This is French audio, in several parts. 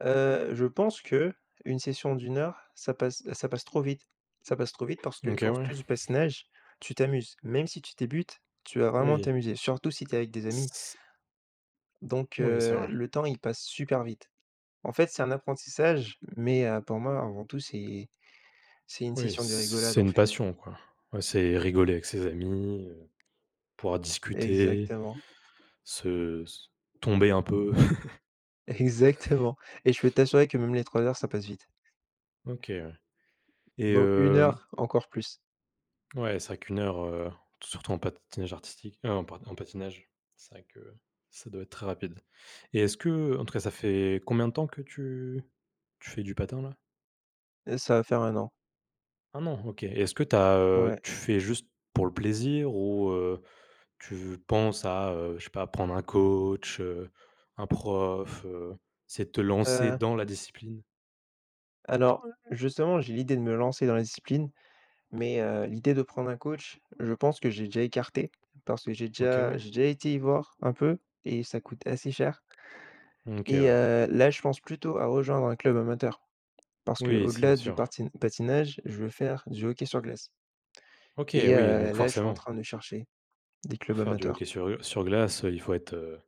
Heu, je pense qu'une session d'1 heure, ça passe, heu, ça passe trop vite, ça passe trop vite parce que, OK, quand tu ouais. fais du patinage, tu t'amuses, même si tu débutes, tu vas vraiment Oui. t'amuser, surtout si tu es avec des s amis. s Donc, Oui, c'est heu, vrai. le temps, il passe super vite. En fait, c'est un apprentissage, mais, heu, pour moi, avant tout, c'est c'est une Oui, c session de rigolade, c'est en une fait. passion, quoi. Ouais, c'est rigoler avec ses amis, heu, pouvoir discuter, Exactement. se s tomber, un peu. Exactement et je peux t'assurer que, même les 3 heures, ça passe vite. OK, ouais. Et Donc 1 heu heure, encore plus. Ouais, c'est vrai qu'une heure, heu, surtout en patinage artistique, heu, en pa en patinage, c'est vrai que ça doit être très rapide. Et est-ce qu'en tout cas, ça fait combien de temps que tu tu fais du patin, là? Heu, ça va faire 1 an. 1 an? OK. Et est-ce que tu as, heu, Ouais. tu fais juste pour le plaisir ou, heu, tu v penses à, heu, je sais pas, prendre un coach, heu, un prof, heu, essayer de te lancer Heu dans la discipline? alors, justement, j'ai l'idée de me lancer dans la discipline, mais, heu, l'idée de prendre un coach, je pense que j'ai déjà écarté, parce que j'ai OK, déjà ouais. j'ai déjà été y voir, un peu, et ça coûte assez cher Mmh, OK, et ouais. heu, là, je pense plutôt à rejoindre un club amateur, parce Oui, c'est qu'au-delà du sûr. parti patinage, je veux faire du hockey sur glace OK! et Oui! heu, Donc là, je suis en forcément. train de chercher des Pour clubs faire du hockey amateurs. sur, heu, sur glace, heu, il faut être, heu,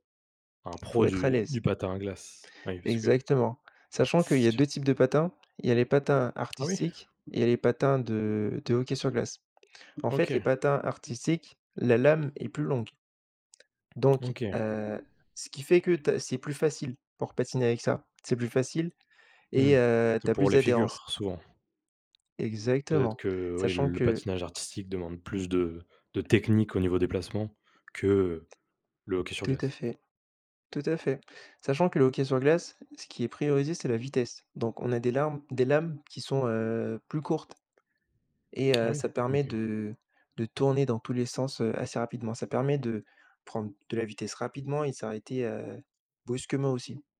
un Il faut pro être à du l'aise. du patin à glace. Ouais, parce que Exactement, sachant qu'il y c'est a dur. 2 types de patins, il y a les patins Ah oui? artistiques et il y a les patins de de hockey sur glace. En fait, les OK. patins artistiques, la lame est plus longue. Donc, OK. heu, ce qui fait que ta c'est plus facile pour patiner avec ça, c'est plus facile Mmh, et heu, tu c'est as pour plus les d'adhérence. figures, souvent. Peut-être Exactement, que, oui, sachant le que patinage artistique demande plus de de technique au niveau des placements que, heu, le hockey sur Tout à glace. fait, tout à fait. Sachant que le hockey sur glace, ce qui est priorisé, c'est la vitesse. Donc, on a des larmes des lames qui sont, heu, plus courtes et, Ah heu, oui? ça permet OK. de de tourner dans tous les sens, heu, assez rapidement. Ça permet de prendre de la vitesse rapidement et s'arrêter, heu, brusquement, aussi.